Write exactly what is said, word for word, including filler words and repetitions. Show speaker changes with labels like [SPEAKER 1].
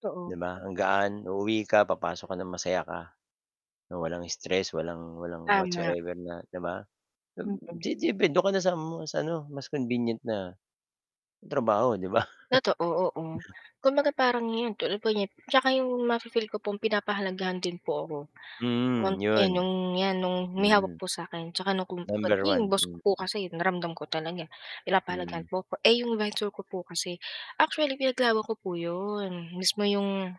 [SPEAKER 1] Totoo.
[SPEAKER 2] 'Di ba, ang gaan. Uuwi ka papasok ka ng masaya ka, na walang stress, walang walang
[SPEAKER 1] Tama.
[SPEAKER 2] whatsoever na 'di ba?
[SPEAKER 1] [unintelligible]
[SPEAKER 2] [unintelligible] dun ka na sa mas ano, mas convenient na, trabaho, 'di ba?
[SPEAKER 1] Totoo, oo. Kumbaga parang 'yon tulad po niyan tsaka 'yong ma-fi-feel ko pong pinapahalagahan din po ako.
[SPEAKER 2] Mhm,
[SPEAKER 1] [unintelligible] eh,
[SPEAKER 2] yun.
[SPEAKER 1] nung 'yan nung may hawak
[SPEAKER 2] Mhm.
[SPEAKER 1] po sa 'kin tsaka 'yong [unintelligible]
[SPEAKER 2] Number
[SPEAKER 1] naging
[SPEAKER 2] one,
[SPEAKER 1] boss ko po
[SPEAKER 2] mm.
[SPEAKER 1] kasi naramdam ko talaga,
[SPEAKER 2] Hmm.
[SPEAKER 1] pinapahalagahan po 'ko. Eh 'yong visor ko po kasi, actually pinaglaban ko po 'yon. Mismo 'yong